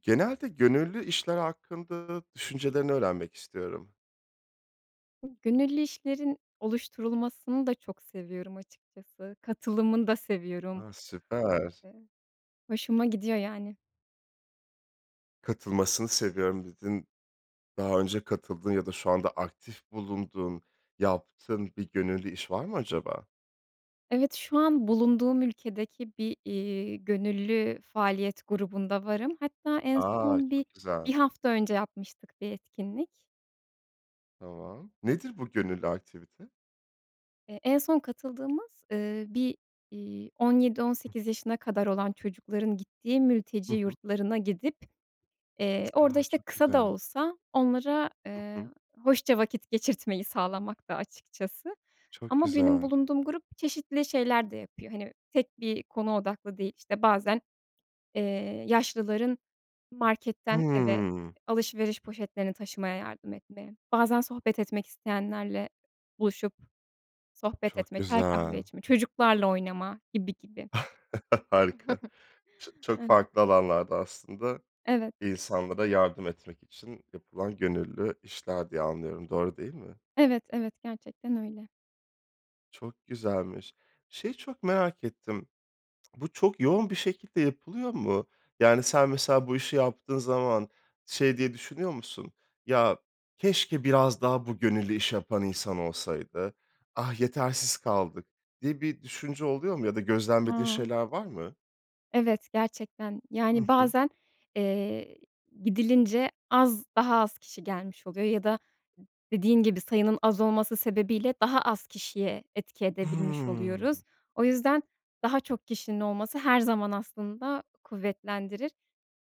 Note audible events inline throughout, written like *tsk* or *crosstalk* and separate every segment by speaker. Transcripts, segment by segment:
Speaker 1: Genelde gönüllü işler hakkında düşüncelerini öğrenmek istiyorum.
Speaker 2: Gönüllü işlerin oluşturulmasını da çok seviyorum açıkçası. Katılımını da seviyorum,
Speaker 1: A! Süper.
Speaker 2: eee, hoşuma gidiyor yani.
Speaker 1: Katılmasını seviyorum, dedin. Daha önce katıldığın ya da şu anda aktif bulunduğun, yaptığın bir gönüllü iş var mı acaba?
Speaker 2: Evet, şu an bulunduğum ülkedeki bir, iii, gönüllü faaliyet grubunda varım. Hatta en
Speaker 1: A!
Speaker 2: son bi
Speaker 1: Çok güzel.
Speaker 2: bir hafta önce yapmıştık bir etkinlik.
Speaker 1: Tamam, nedir bu gönüllü aktivite?
Speaker 2: Eee, en son katıldığımız, ııı, bir, iii, 17-18
Speaker 1: *unintelligible*
Speaker 2: yaşına kadar olan çocukların gittiği
Speaker 1: Hı
Speaker 2: mülteci
Speaker 1: hı.
Speaker 2: yurtlarına gidip, eee,
Speaker 1: *tsk*
Speaker 2: orada,
Speaker 1: A!
Speaker 2: işte,
Speaker 1: Çok
Speaker 2: kısa da
Speaker 1: güzel.
Speaker 2: olsa onlara,
Speaker 1: Hı
Speaker 2: eee,
Speaker 1: hı.
Speaker 2: hoşça vakit geçirtmeyi sağlamaktı, açıkçası
Speaker 1: Çok
Speaker 2: ama benim
Speaker 1: güzel.
Speaker 2: bulunduğum grup çeşitli şeyler de yapıyor. Hani, tek bir konu odaklı değil, işte, bazen, eee, yaşlıların marketten eve
Speaker 1: Hıı.
Speaker 2: alışveriş poşetlerini taşımaya yardım etme, bazen sohbet etmek isteyenlerle buluşup sohbet
Speaker 1: Çok
Speaker 2: etme, çay kahve
Speaker 1: güzel.
Speaker 2: içme, çocuklarla oynama gibi gibi.
Speaker 1: *chuckles* Harika. Ç çok
Speaker 2: *chuckles* Evet.
Speaker 1: farklı alanlarda aslında,
Speaker 2: Evet.
Speaker 1: insanlara yardım etmek için yapılan gönüllü işler diye anlıyorum. Doğru değil mi?
Speaker 2: Evet, evet, gerçekten öyle.
Speaker 1: Çok güzelmiş. Şeyi çok merak ettim: *smacks lips* Bu çok yoğun bir şekilde yapılıyor mu? Yani, sen, mesela, bu işi yaptığın zaman şey diye düşünüyor musun, “Ya, keşke biraz daha bu gönüllü iş yapan insan olsaydı. Ah, yetersiz kaldık.“ diye bir düşünce oluyor mu ya da gözlemlediğin
Speaker 2: A!
Speaker 1: şeyler var mı?
Speaker 2: Evet, gerçekten.
Speaker 1: Hı
Speaker 2: Yani,
Speaker 1: hı.
Speaker 2: bazen, eee, gidilince az daha az kişi gelmiş oluyor ya da d dediğin gibi sayının az olması sebebiyle daha az kişiye etki edebilmiş
Speaker 1: Hımm.
Speaker 2: oluyoruz. O yüzden daha çok kişinin olması her zaman aslında kuvvetlendirir.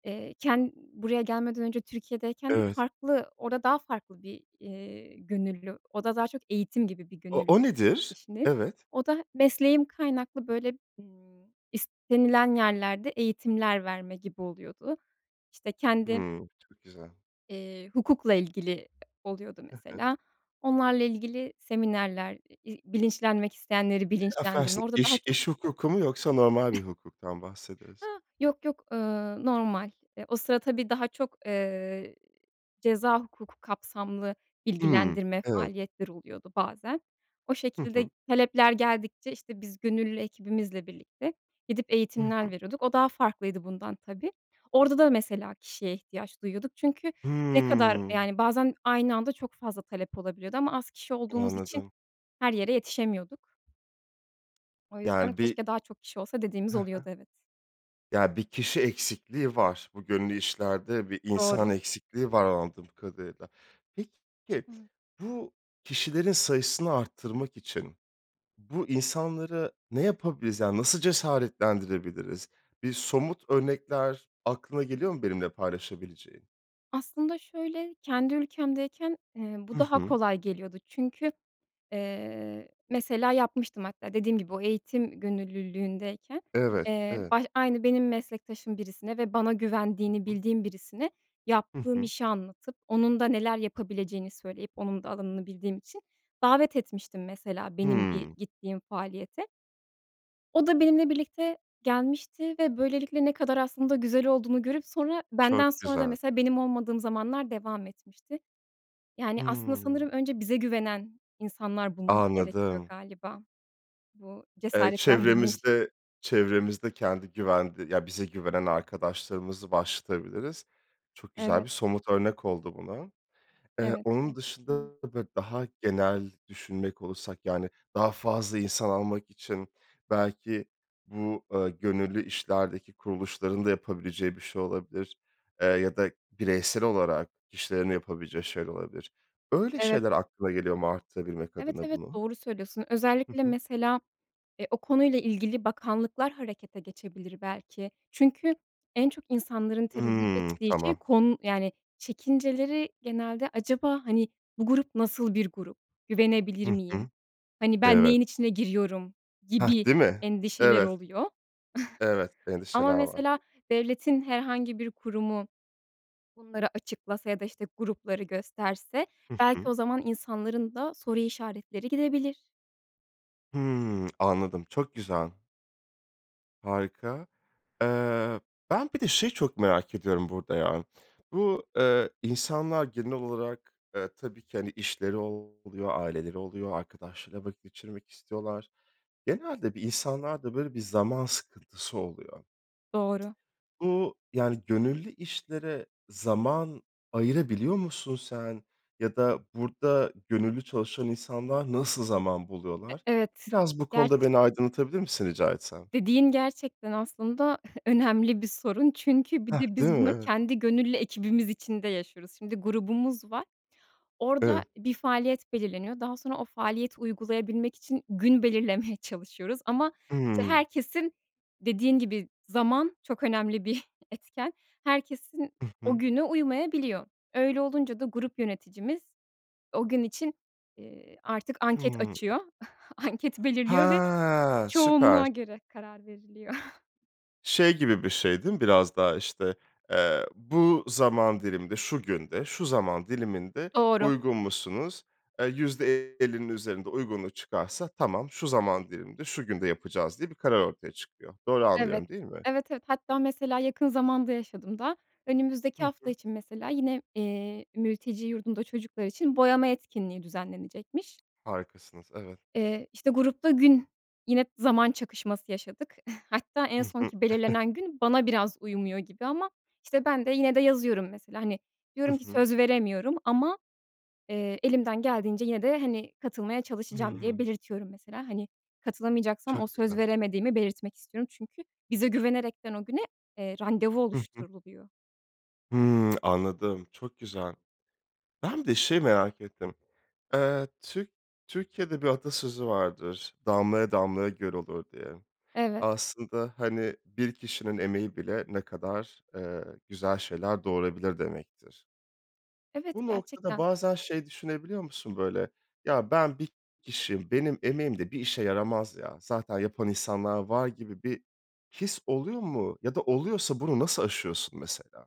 Speaker 2: Eee, ken buraya gelmeden önce Türkiye'deyken de
Speaker 1: Evet.
Speaker 2: farklı, orada daha farklı bir, iii, gönüllü, orada daha çok eğitim gibi bir
Speaker 1: O
Speaker 2: gönüllü
Speaker 1: o nedir?
Speaker 2: işindeydim.
Speaker 1: Evet.
Speaker 2: O da mesleğim kaynaklı böyle, ımm, istenilen yerlerde eğitimler verme gibi oluyordu. İşte kendi
Speaker 1: Hıı, çok güzel.
Speaker 2: eee, hukukla ilgili oluyordu
Speaker 1: Hı hı.
Speaker 2: mesela onlarla ilgili seminerler, i bilinçlenmek isteyenleri
Speaker 1: Çok
Speaker 2: bilinçlendirme,
Speaker 1: afedersin,
Speaker 2: orada daha
Speaker 1: iş
Speaker 2: çok
Speaker 1: iş hukuku mu yoksa normal bir
Speaker 2: *chuckles*
Speaker 1: hukuktan mı bahsederiz?
Speaker 2: *unintelligible* Yok, yok, ııı, normal. Eee, o sıra tabii daha çok, ııı, ceza hukuku kapsamlı
Speaker 1: Hımm,
Speaker 2: bilgilendirme
Speaker 1: evet.
Speaker 2: faaliyetleri oluyordu bazen. O
Speaker 1: Hı hı.
Speaker 2: şekilde talepler geldikçe, işte, biz gönüllü ekibimizle birlikte gidip
Speaker 1: Hı hı.
Speaker 2: eğitimler veriyorduk. O daha farklıydı bundan tabii. Orada da mesela kişiye ihtiyaç duyuyorduk çünkü ne kadar
Speaker 1: Hımm.
Speaker 2: yani, bazen aynı anda çok fazla talep olabiliyordu ama az kişi olduğumuz için
Speaker 1: Anladım.
Speaker 2: her yere yetişemiyorduk. O yüzden,
Speaker 1: Yani, bir
Speaker 2: keşke daha çok kişi olsa dediğimiz
Speaker 1: Hı
Speaker 2: oluyordu,
Speaker 1: hı.
Speaker 2: evet.
Speaker 1: Ya, bir kişi eksikliği var. Bu gönüllü işlerde bir insan
Speaker 2: Doğru.
Speaker 1: eksikliği var, anladığım kadarıyla. Peki,
Speaker 2: *unintelligible*
Speaker 1: bu kişilerin sayısını arttırmak için bu insanlara ne yapabiliriz? Yani, nasıl cesaretlendirebiliriz? Bir somut örnekler aklına geliyor mu benimle paylaşabileceğin?
Speaker 2: Aslında şöyle, kendi ülkemdeyken, eee, bu
Speaker 1: Hı
Speaker 2: daha
Speaker 1: hı.
Speaker 2: kolay geliyordu çünkü, eee, mesela yapmıştım hatta dediğim gibi o eğitim gönüllülüğündeyken,
Speaker 1: Evet,
Speaker 2: eee,
Speaker 1: evet.
Speaker 2: baş aynı benim meslektaşım birisine ve bana güvendiğini
Speaker 1: Hı hı.
Speaker 2: bildiğim birisine
Speaker 1: Hı
Speaker 2: yaptığım
Speaker 1: hı.
Speaker 2: işi anlatıp, onun da neler yapabileceğini söyleyip, onun da alanını bildiğim için davet etmiştim mesela, benim bir
Speaker 1: Hıı.
Speaker 2: gittiğim faaliyete. O da benimle birlikte gelmişti ve böylelikle ne kadar aslında güzel olduğunu görüp sonra,
Speaker 1: Çok
Speaker 2: benden sonra da
Speaker 1: güzel.
Speaker 2: mesela, benim olmadığım zamanlar devam etmişti. Yani, aslında
Speaker 1: Hımm.
Speaker 2: sanırım önce bize güvenen insanlar bulmak gerekiyor
Speaker 1: Anladım.
Speaker 2: galiba, bu
Speaker 1: Eee,
Speaker 2: cesaretlendirme iş
Speaker 1: çevremizde çevremizde kendi güvende ya bize güvenen arkadaşlarımızı başlatabiliriz. Çok güzel bir
Speaker 2: Evet.
Speaker 1: somut örnek oldu buna. Eee,
Speaker 2: Evet,
Speaker 1: onun
Speaker 2: gerçekten
Speaker 1: dışında,
Speaker 2: öyle.
Speaker 1: böyle, daha genel düşünmek olursak, yani, daha fazla insan almak için belki bu, eee, gönüllü işlerdeki kuruluşların da yapabileceği bir şey olabilir, eee, ya da bireysel olarak kişilerin yapabileceği şeyler olabilir. Öyle
Speaker 2: Evet.
Speaker 1: şeyler aklına geliyor mu, artırabilmek
Speaker 2: Evet,
Speaker 1: adına
Speaker 2: evet,
Speaker 1: bunu?
Speaker 2: doğru söylüyorsun.
Speaker 1: Hı
Speaker 2: Özellikle,
Speaker 1: hı.
Speaker 2: mesela, eee, o konuyla ilgili bakanlıklar harekete geçebilir belki. Çünkü en çok insanların tereddüt
Speaker 1: Hıı, *smacks lips*
Speaker 2: ettiği şey,
Speaker 1: tamam.
Speaker 2: kon yani, çekinceleri genelde acaba, hani, bu grup nasıl bir grup, güvenebilir
Speaker 1: Hı
Speaker 2: miyim,
Speaker 1: hı.
Speaker 2: hani, ben
Speaker 1: Evet.
Speaker 2: neyin içine giriyorum
Speaker 1: Hah,
Speaker 2: gibi
Speaker 1: değil mi?
Speaker 2: endişeler
Speaker 1: Evet.
Speaker 2: oluyor.
Speaker 1: Evet,
Speaker 2: *chuckles* Ama,
Speaker 1: endişeler var.
Speaker 2: mesela, devletin herhangi bir kurumu bunları açıklasa ya da, işte, grupları gösterse,
Speaker 1: Hı
Speaker 2: belki
Speaker 1: hı.
Speaker 2: o zaman insanların da soru işaretleri gidebilir.
Speaker 1: Hıı. *smacks lips* Anladım, çok güzel. Harika. Eee, ben bir de şeyi çok merak ediyorum burada ya. Bu, eee, insanlar genel olarak, eee, tabii ki, hani, işleri oluyor, aileleri oluyor, arkadaşlarıyla vakit geçirmek istiyorlar. Genelde bir insanlarda böyle bir zaman sıkıntısı oluyor.
Speaker 2: Doğru.
Speaker 1: Bu, yani, gönüllü işlere zaman ayırabiliyor musun sen? Ya da burada gönüllü çalışan insanlar nasıl zaman
Speaker 2: E
Speaker 1: buluyorlar?
Speaker 2: evet,
Speaker 1: Biraz bu konuda
Speaker 2: gerçi
Speaker 1: beni aydınlatabilir misin rica etsem?
Speaker 2: Dediğin gerçekten, aslında *chuckles* önemli bir sorun. Çünkü bir
Speaker 1: Hah.
Speaker 2: de
Speaker 1: Değil mi?
Speaker 2: biz bunu
Speaker 1: Eve
Speaker 2: kendi gönüllü ekibimiz içinde yaşıyoruz. Şimdi grubumuz var, orada
Speaker 1: Evet.
Speaker 2: bir faaliyet belirleniyor. Daha sonra o faaliyeti uygulayabilmek için gün belirlemeye çalışıyoruz. Ama, işte,
Speaker 1: Hımm.
Speaker 2: herkesin Dediğin gibi, zaman çok önemli bir etken, herkesin
Speaker 1: Hı
Speaker 2: o
Speaker 1: hı.
Speaker 2: günü uymayabiliyor. Öyle olunca da grup yöneticimiz o gün için, eee, artık anket
Speaker 1: Hımm.
Speaker 2: açıyor, anket belirliyor ve
Speaker 1: Ha. Süper.
Speaker 2: çoğunluğa göre karar veriliyor. *chuckles*
Speaker 1: Şey gibi bir şey, değil mi biraz daha: İşte, eee, "Bu zaman diliminde, şu günde, şu zaman diliminde
Speaker 2: Doğru.
Speaker 1: uygun musunuz?" Eee, %50'nin üzerinde uygunluk çıkarsa tamam, "Şu zaman diliminde, şu günde yapacağız." diye bir karar ortaya çıkıyor. Doğru
Speaker 2: Evet.
Speaker 1: anlıyorum, değil mi?
Speaker 2: Evet, evet. Hatta mesela yakın zamanda yaşadım daha,
Speaker 1: Hı
Speaker 2: önümüzdeki hafta
Speaker 1: hı.
Speaker 2: için mesela, yine, eee, mülteci yurdunda çocuklar için boyama etkinliği düzenlenecekmiş.
Speaker 1: Harikasınız, evet.
Speaker 2: Eee, işte, grupta gün yine zaman çakışması yaşadık. Hatta en
Speaker 1: Hı hı.
Speaker 2: sonki
Speaker 1: *chuckles*
Speaker 2: belirlenen gün bana biraz uymuyor gibi ama, işte, ben de yine de yazıyorum, mesela, hani,
Speaker 1: Hı
Speaker 2: diyorum ki
Speaker 1: hı.
Speaker 2: söz veremiyorum ama, eee, elimden geldiğince yine de, hani, katılmaya çalışacağım diye
Speaker 1: Hıı.
Speaker 2: belirtiyorum. Mesela, hani, katılamayacaksam o
Speaker 1: Çok
Speaker 2: söz
Speaker 1: güzel.
Speaker 2: veremediğimi belirtmek istiyorum. Çünkü bize güvenerekten o güne, eee, randevu
Speaker 1: Hı hı.
Speaker 2: oluşturuluyor.
Speaker 1: Hımm. *tsk* Anladım, çok güzel. Ben bir de şeyi merak ettim. Eee, Türk Türkiye'de bir atasözü vardır, damlaya damlaya göl olur, diye.
Speaker 2: Evet.
Speaker 1: Aslında, hani, bir kişinin emeği bile ne kadar, eee, güzel şeyler doğurabilir demektir.
Speaker 2: Evet,
Speaker 1: Bu noktada
Speaker 2: gerçekten.
Speaker 1: bazen şey düşünebiliyor musun, böyle? Ya, ben bir kişiyim, benim emeğim de bir işe yaramaz ya, zaten yapan insanlar var gibi bir his oluyor mu ya da oluyorsa bunu nasıl aşıyorsun, mesela?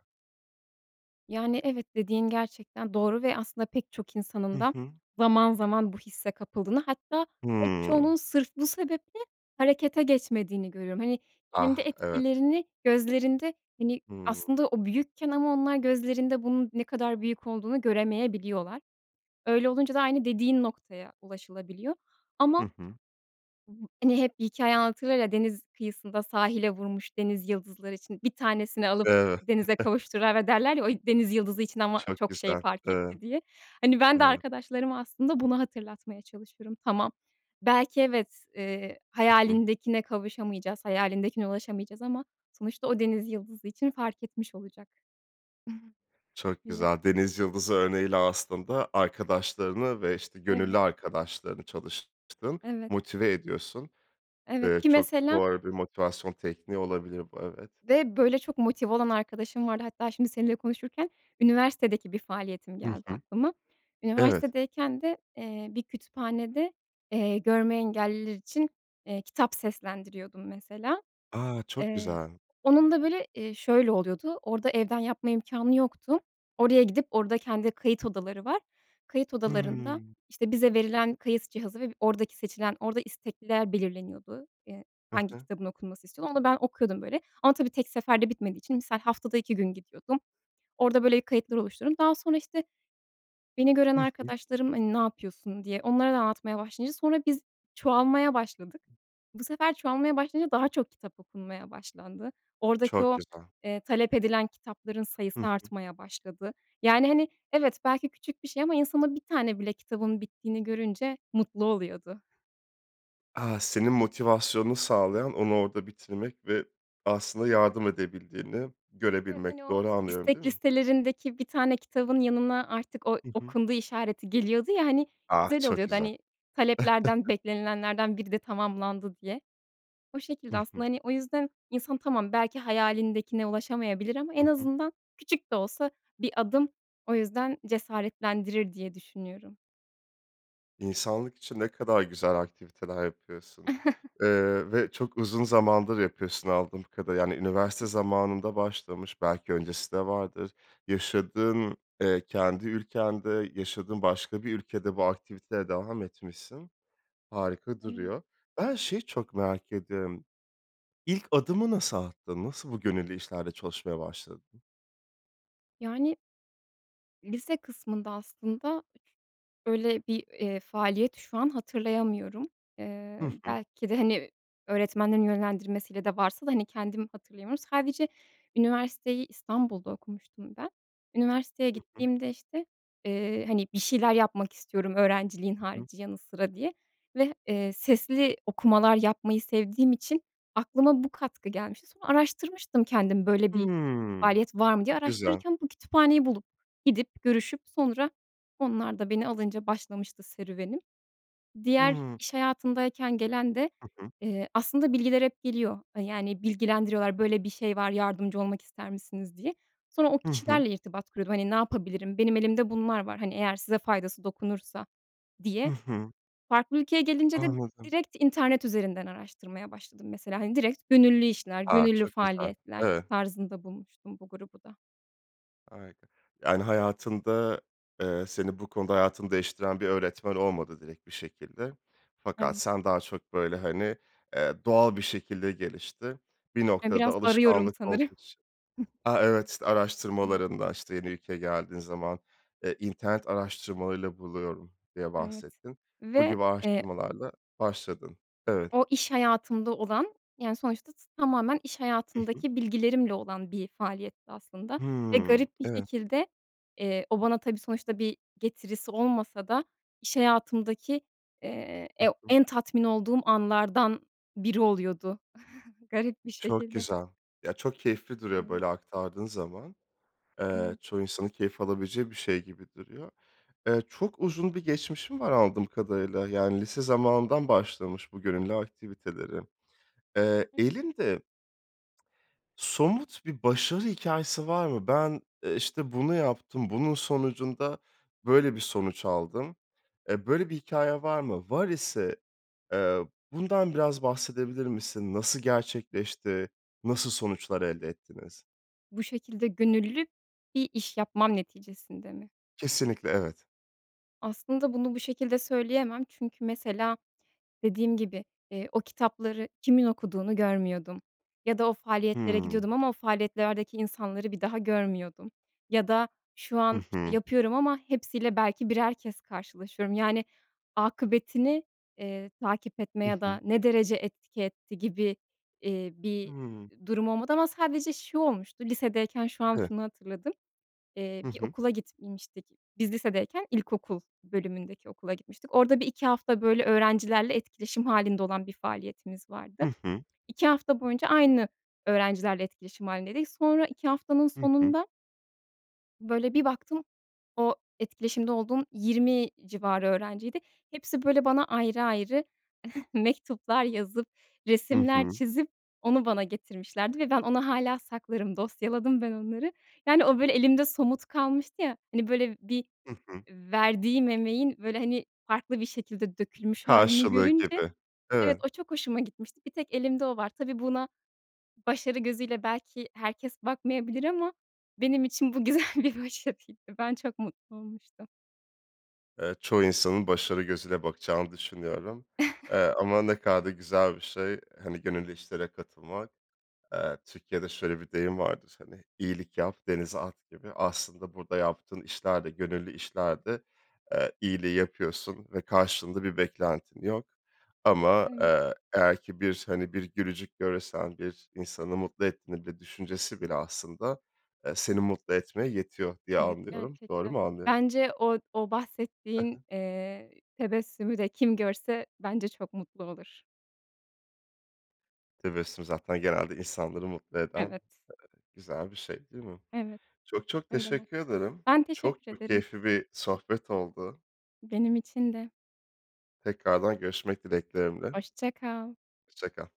Speaker 2: Yani, evet, dediğin gerçekten doğru ve aslında pek çok insanın
Speaker 1: Hı
Speaker 2: da
Speaker 1: hı.
Speaker 2: zaman zaman bu hisse kapıldığını, hatta pek çoğunun
Speaker 1: Hımm.
Speaker 2: sırf bu sebeple harekete geçmediğini görüyorum. Hani, kendi
Speaker 1: Ah, evet.
Speaker 2: etkilerini gözlerinde, hani,
Speaker 1: Hımm.
Speaker 2: aslında o büyükken ama onlar gözlerinde bunun ne kadar büyük olduğunu göremeyebiliyorlar. Öyle olunca da aynı dediğin noktaya ulaşılabiliyor ama,
Speaker 1: Hı hı.
Speaker 2: *unintelligible* hani, hep bir hikâye anlatırlar ya, deniz kıyısında sahile vurmuş denizyıldızları için bir tanesini alıp
Speaker 1: Evet. *chuckles*
Speaker 2: denize kavuşturana derler ya, o denizyıldızı için ama
Speaker 1: Çok
Speaker 2: çok şey
Speaker 1: güzel.
Speaker 2: fark
Speaker 1: Evet,
Speaker 2: etti diye. Hani, ben de
Speaker 1: evet.
Speaker 2: arkadaşlarıma aslında, bunu hatırlatmaya çalışırım. Tamam, belki evet, eee,
Speaker 1: Hı hı.
Speaker 2: hayalindekine kavuşamayacağız, hayalindekine ulaşamayacağız ama sonuçta o denizyıldızı için fark etmiş olacak
Speaker 1: Çok
Speaker 2: diye.
Speaker 1: güzel, denizyıldızı örneğiyle aslında arkadaşlarını ve, işte,
Speaker 2: Evet.
Speaker 1: gönüllü arkadaşlarını çalıştığın,
Speaker 2: Evet.
Speaker 1: motive ediyorsun,
Speaker 2: Evet,
Speaker 1: eee,
Speaker 2: ki
Speaker 1: çok
Speaker 2: mesela
Speaker 1: doğru bir motivasyon tekniği olabilir bu, evet.
Speaker 2: ve, böyle, çok motive olan arkadaşım vardı. Hatta şimdi seninle konuşurken, üniversitedeki bir faaliyetim
Speaker 1: Hı
Speaker 2: geldi
Speaker 1: hı.
Speaker 2: aklıma.
Speaker 1: Evet.
Speaker 2: Üniversitedeyken de, eee, bir kütüphanede, eee, görme engelliler için, eee, kitap seslendiriyordum mesela.
Speaker 1: A! Çok
Speaker 2: Eee,
Speaker 1: güzel.
Speaker 2: onun da, böyle, eee, şöyle oluyordu, orada evden yapma imkânı yoktu. Oraya gidip, orada kendi kayıt odaları var. Kayıt odalarında,
Speaker 1: Hıı.
Speaker 2: işte, bize verilen kayıt cihazı ve oradaki seçilen, orada istekliler belirleniyordu. Eee,
Speaker 1: Hı
Speaker 2: hangi
Speaker 1: hı.
Speaker 2: kitabın okunması istiyor onu da ben okuyordum, böyle, ama tabii tek seferde bitmediği için, misal, haftada 2 gün gidiyordum. Orada, böyle, kayıtlar oluşturdum. Daha sonra, işte, beni gören
Speaker 1: Hı hı.
Speaker 2: arkadaşlarım, hani, ne yapıyorsun diye onlara da anlatmaya başlayınca sonra biz çoğalmaya başladık. Bu sefer çoğalmaya başlayınca daha çok kitap okunmaya başlandı. Oradaki
Speaker 1: Çok
Speaker 2: o,
Speaker 1: güzel.
Speaker 2: eee, talep edilen kitapların sayısı
Speaker 1: Hı hı.
Speaker 2: artmaya başladı. Yani, hani, evet, belki küçük bir şey ama insan, o bir tane bile kitabın bittiğini görünce mutlu oluyordu.
Speaker 1: A! Senin motivasyonunu sağlayan onu orda bitirmek ve aslında yardım edebildiğini
Speaker 2: Evet, hani,
Speaker 1: görebilmek,
Speaker 2: o
Speaker 1: doğru anlıyorum, değil
Speaker 2: istek
Speaker 1: mi?
Speaker 2: listelerindeki bir tane kitabın yanına artık o
Speaker 1: Hı hı.
Speaker 2: "okundu" işareti geliyordu ya, hani,
Speaker 1: Ah!
Speaker 2: güzel
Speaker 1: Çok
Speaker 2: oluyordu.
Speaker 1: güzel.
Speaker 2: Hani, taleplerden,
Speaker 1: *chuckles*
Speaker 2: beklenilenlerden biri de tamamlandı diye. O
Speaker 1: Hı
Speaker 2: şekilde
Speaker 1: hı.
Speaker 2: aslında, hani, o yüzden insan, tamam, belki hayalindekine ulaşamayabilir ama
Speaker 1: Hı
Speaker 2: en
Speaker 1: hı.
Speaker 2: azından küçük de olsa bir adım, o yüzden cesaretlendirir diye düşünüyorum.
Speaker 1: İnsanlık için ne kadar güzel aktiviteler yapıyorsun,
Speaker 2: *chuckles*
Speaker 1: eee, ve çok uzun zamandır yapıyorsun anladığım kadarıyla. Yani, üniversite
Speaker 2: *unintelligible*
Speaker 1: zamanında başlamış, belki öncesi de vardır, yaşadığın, eee, kendi ülkende, yaşadığın başka bir ülkede bu aktiviteye devam etmişsin. Harika
Speaker 2: Evet.
Speaker 1: duruyor. Ben şeyi çok merak ediyorum. İlk adımı nasıl attın? Nasıl bu gönüllü işlerde çalışmaya başladın?
Speaker 2: Yani lise kısmında aslında öyle bir, eee, faaliyet şu an hatırlayamıyorum.
Speaker 1: Hı
Speaker 2: Eee,
Speaker 1: hı.
Speaker 2: belki de, hani, öğretmenlerin yönlendirmesiyle de varsa da, hani, kendim hatırlayamıyorum. Sadece üniversiteyi İstanbul'da okumuştum ben. Üniversiteye
Speaker 1: Hı hı.
Speaker 2: gittiğimde, işte, eee, hani, bir şeyler yapmak istiyorum öğrenciliğin
Speaker 1: Hı hı.
Speaker 2: harici, yanı sıra diye ve, eee, sesli okumalar yapmayı sevdiğim için aklıma bu katkı gelmişti. Sonra araştırmıştım kendim, böyle bir
Speaker 1: Hımm.
Speaker 2: faaliyet var mı diye.
Speaker 1: Çok güzel.
Speaker 2: Araştırırken bu kütüphaneyi bulup, gidip, görüşüp sonra onlar da beni alınca başlamıştı serüvenim. Diğer
Speaker 1: Hıı.
Speaker 2: iş hayatındayken gelen de,
Speaker 1: Hı hı.
Speaker 2: eee, aslında bilgiler hep geliyor, eee, yani, bilgilendiriyorlar, "Böyle bir şey var, yardımcı olmak ister misiniz?" diye. Sonra o
Speaker 1: Hı hı.
Speaker 2: kişilerle irtibat kurup, hani, "Ne yapabilirim? Benim elimde bunlar var, hani, eğer size faydası dokunursa."
Speaker 1: Hı
Speaker 2: diye.
Speaker 1: hı.
Speaker 2: Farklı ülkeye gelince de
Speaker 1: Anladım.
Speaker 2: direkt internet üzerinden araştırmaya başladım, mesela, hani, direkt gönüllü işler,
Speaker 1: A!
Speaker 2: gönüllü
Speaker 1: Çok güzel.
Speaker 2: faaliyetler
Speaker 1: Evet.
Speaker 2: tarzında bulmuştum bu grubu da.
Speaker 1: Harika. Yani, hayatında, eee, seni bu konuda hayatını değiştiren bir öğretmen olmadı direkt bir şekilde. Fakat
Speaker 2: *unintelligible*
Speaker 1: sen daha çok, böyle, hani, eee, doğal bir şekilde gelişti. Bir
Speaker 2: E,
Speaker 1: noktada
Speaker 2: biraz arıyorum
Speaker 1: alışkanlık
Speaker 2: sanırım.
Speaker 1: olduğu için, a, evet, işte,
Speaker 2: *unintelligible*
Speaker 1: araştırmalarında, işte, yeni ülkeye geldiğin zaman, eee, internet araştırmalarıyla buluyorum diye
Speaker 2: Evet
Speaker 1: bahsettin. Bu
Speaker 2: ve,
Speaker 1: gibi
Speaker 2: eee
Speaker 1: araştırmalarla başladın. Evet.
Speaker 2: o, iş hayatımda olan, yani, sonuçta t tamamen iş
Speaker 1: Hı hı.
Speaker 2: hayatımdaki bilgilerimle olan bir faaliyetti aslında ve
Speaker 1: Hıı.
Speaker 2: garip bir
Speaker 1: Evet.
Speaker 2: şekilde, eee, o bana tabii sonuçta bir getirisi olmasa da iş hayatımdaki, eee,
Speaker 1: Hı
Speaker 2: e
Speaker 1: hı.
Speaker 2: en tatmin olduğum anlardan biri oluyordu, *chuckles* garip bir
Speaker 1: Çok
Speaker 2: şekilde.
Speaker 1: güzel. Ya, çok keyifli duruyor
Speaker 2: Evet.
Speaker 1: böyle aktardığın zaman. Eee,
Speaker 2: Evet.
Speaker 1: çoğu insanın keyif alabileceği bir şey gibi duruyor. Eee, çok uzun bir geçmişin var anladığım kadarıyla. Yani lise zamanından başlamış bu gönüllü aktiviteleri. Eee, elinde somut bir başarı hikâyesi var mı? Ben, eee, işte, bunu yaptım, bunun sonucunda böyle bir sonuç aldım. Eee, böyle bir hikâyen var mı? Var ise, eee, bundan biraz bahsedebilir misin? Nasıl gerçekleşti, nasıl sonuçlar elde ettiniz?
Speaker 2: Bu şekilde gönüllü bir iş yapmam neticesinde mi?
Speaker 1: Kesinlikle, evet.
Speaker 2: Aslında bunu bu şekilde söyleyemem çünkü, mesela, dediğim gibi, eee, o kitapları kimin okuduğunu görmüyordum ya da o faaliyetlere
Speaker 1: Hımm.
Speaker 2: gidiyordum ama o faaliyetlerdeki insanları bir daha görmüyordum ya da şu
Speaker 1: Hı
Speaker 2: an, işte,
Speaker 1: hı.
Speaker 2: yapıyorum ama hepsiyle belki birer kez karşılaşıyorum, yani, akıbetini, eee, takip etme
Speaker 1: Hı
Speaker 2: ya
Speaker 1: hı.
Speaker 2: da ne derece etki etti gibi, iii, bir
Speaker 1: Hımm.
Speaker 2: durum olmadı ama sadece şu olmuştu, lisedeyken şu an
Speaker 1: Evet.
Speaker 2: şunu hatırladım. Eee,
Speaker 1: Hı
Speaker 2: bir
Speaker 1: hı.
Speaker 2: okula gitmiştik. Biz lisedeyken ilkokul bölümündeki okula gitmiştik. Orada 1-2 hafta, böyle, öğrencilerle etkileşim hâlinde olan bir faaliyetimiz vardı.
Speaker 1: Hı hı.
Speaker 2: 2 hafta boyunca aynı öğrencilerle etkileşim hâlindeydik. Sonra 2 haftanın
Speaker 1: Hı hı.
Speaker 2: sonunda böyle, bir baktım o etkileşimde olduğum 20 civarı öğrenciydi. Hepsi, böyle, bana ayrı ayrı *chuckles* mektuplar yazıp,
Speaker 1: Hı
Speaker 2: resimler
Speaker 1: hı.
Speaker 2: çizip onu bana getirmişlerdi ve ben onu hâlâ saklarım, dosyaladım ben onları. Yani, o, böyle, elimde somut kalmıştı. Ya, hani, böyle, bir,
Speaker 1: Hı hı.
Speaker 2: eee, verdiğim emeğin, böyle, hani, farklı bir şekilde dökülmüş hâlini
Speaker 1: Karşılığı
Speaker 2: görünce
Speaker 1: gibi,
Speaker 2: evet,
Speaker 1: evet.
Speaker 2: o çok hoşuma gitmişti, bir tek elimde o var. Tabii, buna başarı gözüyle belki herkes bakmayabilir ama benim için bu güzel bir başarıydı. Ben çok mutlu olmuştum.
Speaker 1: Evet, çoğu insanın başarı gözüyle bakacağını düşünüyorum, eee, ama ne
Speaker 2: *chuckles*
Speaker 1: kadar da güzel bir şey, hani, gönüllü işlere katılmak. Eee, Türkiye'de şöyle bir deyim vardır, hani, iyilik yap, denize at, gibi. Aslında burada yaptığın işler de gönüllü işler de, eee, iyiliği yapıyorsun ve karşılığında bir beklentin yok. Ama,
Speaker 2: Evet.
Speaker 1: eee, eğer ki bir, hani, bir gülücük görürsen, bir insanı mutlu etmede düşüncesi bile, aslında, eee, seni mutlu etmeye yetiyor diye
Speaker 2: Evet,
Speaker 1: anlıyorum. Doğru
Speaker 2: gerçekten.
Speaker 1: mu anlıyorum?
Speaker 2: Bence od o
Speaker 1: He he.
Speaker 2: bahsettiğin, eee, tebessümü de kim görse bence çok mutlu olur.
Speaker 1: Tebessüm zaten genelde insanları mutlu eden,
Speaker 2: Evet.
Speaker 1: eee, güzel bir şey değil mi?
Speaker 2: Evet.
Speaker 1: Çok, çok
Speaker 2: Öyle
Speaker 1: teşekkür ederim.
Speaker 2: *unintelligible* Ben
Speaker 1: Çok,
Speaker 2: teşekkür
Speaker 1: çok
Speaker 2: ederim.
Speaker 1: keyifli bir sohbet oldu.
Speaker 2: Benim için de.
Speaker 1: Tekrardan görüşmek dileklerimle.
Speaker 2: Hoşça kal.
Speaker 1: Hoşça kal.